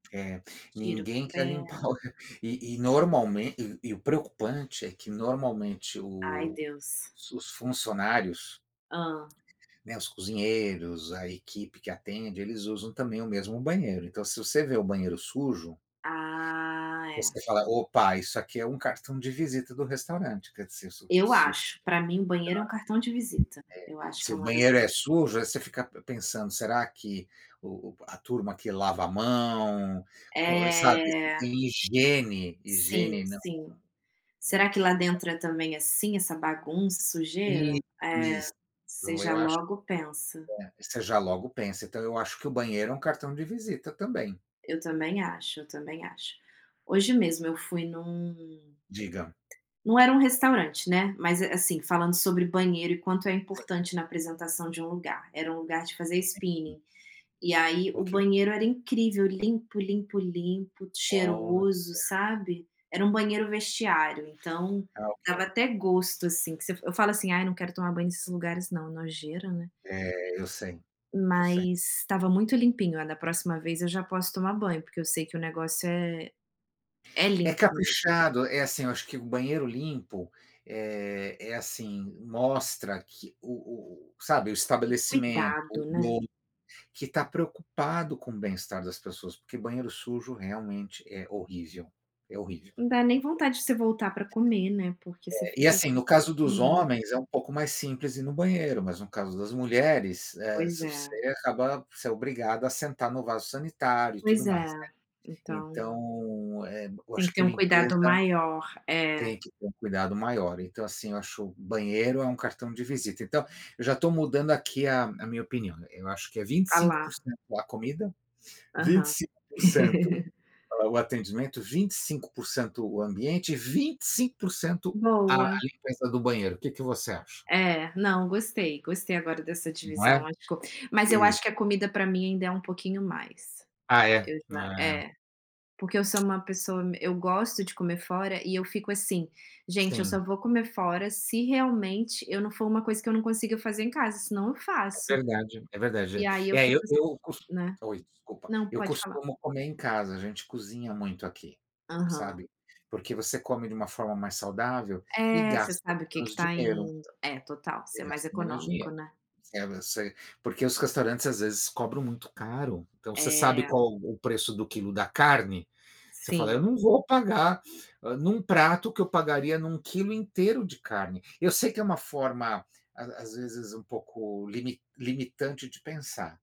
É, Tiro com ninguém quer pé. limpar o re e e normalmen e e o preocupante é que normalmente Ai, o Deus. os funcionários Hâ. né, os cozinheiros, a equipe que atende, eles usam também o mesmo banheiro. Então se você vê o banheiro sujo Ah, é. você fala: "Opa, isso aqui é um cartão de visita do restaurante." Quer dizer, se Eu se o [unintelligible] é, acho, pra mim, banheiro é um cartão de visita, eu acho se que é o uma das banheiro é sujo, aí você fica pensando: "Será que o o a turma aqui lava a mão, co e, sabe, É. tem higiene, Sim, higiene não, sim. Será é. que lá [unintelligible] dentro é também, assim, essa bagunça, sujeira? Isso, É, isso. você já Eu acho, logo pensa. hã voce já logo pensa, entao eu acho que o banheiro é um cartão de visita também. Eu também acho, eu também acho. Hoje mesmo eu fui num Diga. não era um restaurante, né, mas, eh, assim falando sobre banheiro e quanto é Sim. importante na apresentação de um lugar, era um lugar de fazer [unintelligible] spinning. E aí, o Ok. banheiro era incrível, limpo limpo limpo, Olha. cheiroso, sabe? Era um banheiro vestiário então, Ah, dava ok. até gosto, assim, que você eu falo assim: "Ai, não quero tomar banho nesses lugares não, nojeira né." É, eu sei, eu sei. Mas estava muito limpinho, ah, da próxima vez eu já posso tomar banho, porque eu sei que o negócio é é É limpo mesmo. caprichado, é assim, eu acho que o banheiro limpo, eh, é assim, mostra que o o o sabe, o O estabelecimento, cuidado, o né. outro que tá preocupado com o bem-estar das pessoas, porque banheiro sujo realmente é horrível, é horrível. Não dá nem vontade de você voltar pra comer, né, porque você É, e fica assim assim, no caso com dos nojo. homens, é um pouco mais simples ir no banheiro, mas no caso das mulheres, eh, Pois você é. acaba você é obrigado a sentar no vaso sanitário e Pois tudo mais, é, né. então Então, eh, eu tem que acho ter que um cuidado limpeza maior. É. tem que ter um cuidado maior. Então, assim, eu acho banheiro é um cartão de visita. Então, eu já estou mudando aqui a a minha opinião, eu acho que é vinte e A cinco lá. por cento a comida, vinte e Aham. cinco por cento a o atendimento, 25% o ambiente e 25% a a Boa. limpeza do banheiro. O que que você acha? É, não. Gostei gostei agora dessa Não é? divisão, [unintelligible] mas eu acho Exa que a comida para mim ainda é um pouquinho mais, Ah é? eu já É. é porque eu sou uma pessoa me eu gosto de comer fora e eu fico assim: "Gente, eu só Sim. vou comer fora se realmente eu não for uma coisa que eu não consiga fazer em casa, senão eu É faço." verdade é E verdade. aí eu É, fico eu assim, eu cos né oi, desculpa não, eu pode falar. costumo comer em casa, a gente cozinha muito aqui, Aham. sabe? Porque você come de uma forma mais saudável e É, você gasta sabe o que que menos está dinheiro. indo é total. Você Você é mais gasta menos econômico, dinheiro, né? [unintelligible] porque os restaurantes, às vezes, cobram muito caro. Então você sabe É. qual o preço do quilo da carne, você fala: Sim. "Não vou pagar, ah, num prato o que eu pagaria num quilo inteiro de carne." Eu sei que é uma forma, às às vezes um pouco limi limitante de pensar.